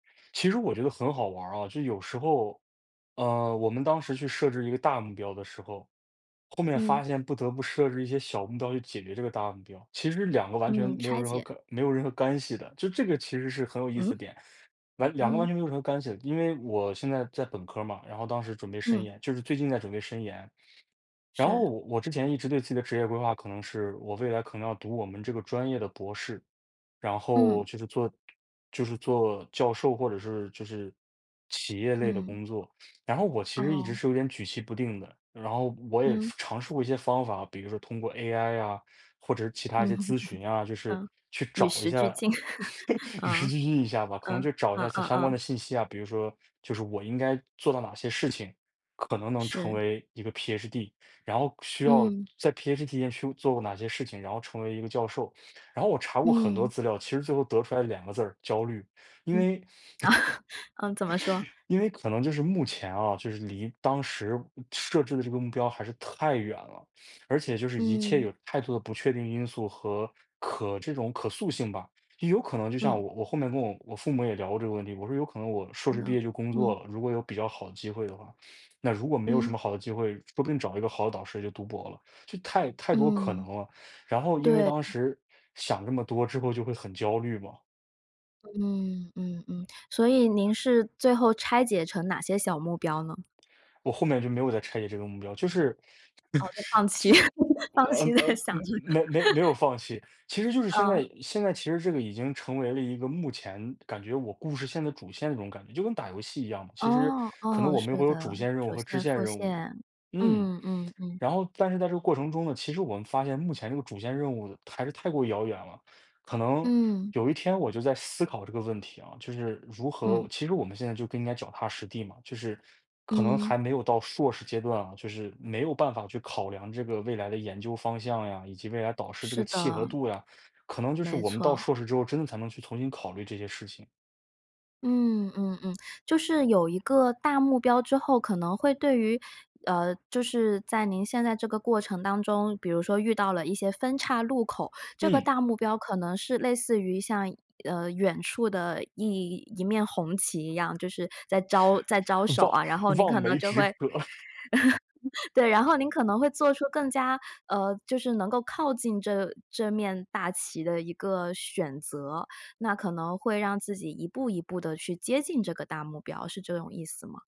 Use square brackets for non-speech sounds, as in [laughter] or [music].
其实我觉得很好玩儿啊，就有时候，呃，我们当时去设置一个大目标的时候，后面嗯。发现不得不设置一些小目标去解决这个大目标，其实2个完全嗯，没有拆任何解。可没有任何干系的。就这个其实是很有意思嗯？的点。完2个完嗯。全没有什么干系的，因为我现在在本科儿嘛，然后当时准备申嗯。研，就是最近在准备申研，然后是。我之前一直对自己的职业规划，可能是我未来可能要读我们这个专业的博士。然后嗯。就是做就是做教授，或者是就是企业类的嗯。工作。然后我其实一直哦。是有点举棋不定的，然后我也嗯。尝试过一些方法，比如说通过 AI 啊，或者是其嗯。他一些咨询啊 [laughs] 就是嗯。去与找一时下，俱进。[laughs] [laughs] 与时嗯，俱进一下吧，可能嗯，就找一嗯下嗯相关嗯。的信息啊，比如说就是我应该做到哪些事情，可能能成是。为一个 PhD，然后需要嗯。在 PhD 间去做哪些事情，然后成为一个教授。然后我查过很多嗯。资料，其实最后得出来2个字儿，焦虑，因嗯。为 [laughs] 呃，怎么说？[laughs] 因为可能就是目前啊，就是离当时设置的这个目标还是太远了。而且就是一切嗯。有太多的不确定因素和可这种可塑性吧。有可能就像嗯。我我后面跟我父母也聊过这个问题。我说有可能我硕是士的，毕业就工嗯。作了，如果有比较好的机会的话，那如果没有什嗯。么好的机会，说不定找一个好的导师就读博了，就太太多可能嗯。了。然后因为对。当嗯。时想这么多之后就会很焦虑嘛。嗯嗯嗯，所以您是最后拆解成哪些小目标呢？我后面就没有再拆解这个目标，就是哦，就放弃，[laughs] [laughs] 就，放呃，弃呃，在想嗯，这个。没没没 [laughs] 有放弃。其实就是现嗯。在现在其实这个已经成为了一个目前感觉我故事线的主线的那种感觉，就跟打游戏一样嘛，其实哦，可能哦，我们是会有主的，线任务主和支线线副任务。线。嗯。嗯嗯嗯。然后但是在这个过程中呢，其实我们发现目前这个主线任务还是太过遥远了，可能嗯。有一天我就在思考这个问题啊，就是如嗯。何其实我们现在就更应该脚踏实地嘛，就是可能嗯。还没有到硕士阶段啊，就是没有办法去考量这个未来的研究方向呀，以及未来导师这个是契合的。度呀，可能就是没我们到错。硕士之后真的才能去重新考虑这些事情。嗯嗯嗯。就是有一个大目标之后，可能会对于，呃，就是在您现在这个过程当中，比如说遇到了一些分叉路口，这个嗯。大目标可能是类似于像，呃，远处的一一面红旗一样，就是在招在招手啊。然后望您望可能梅就止会渴。[laughs] 对，然后您可 [laughs] 能会做出更加，呃，就是能够靠近这这面大旗的一个选择。那可能会让自己一步一步地去接近这个大目标，是这种意思吗？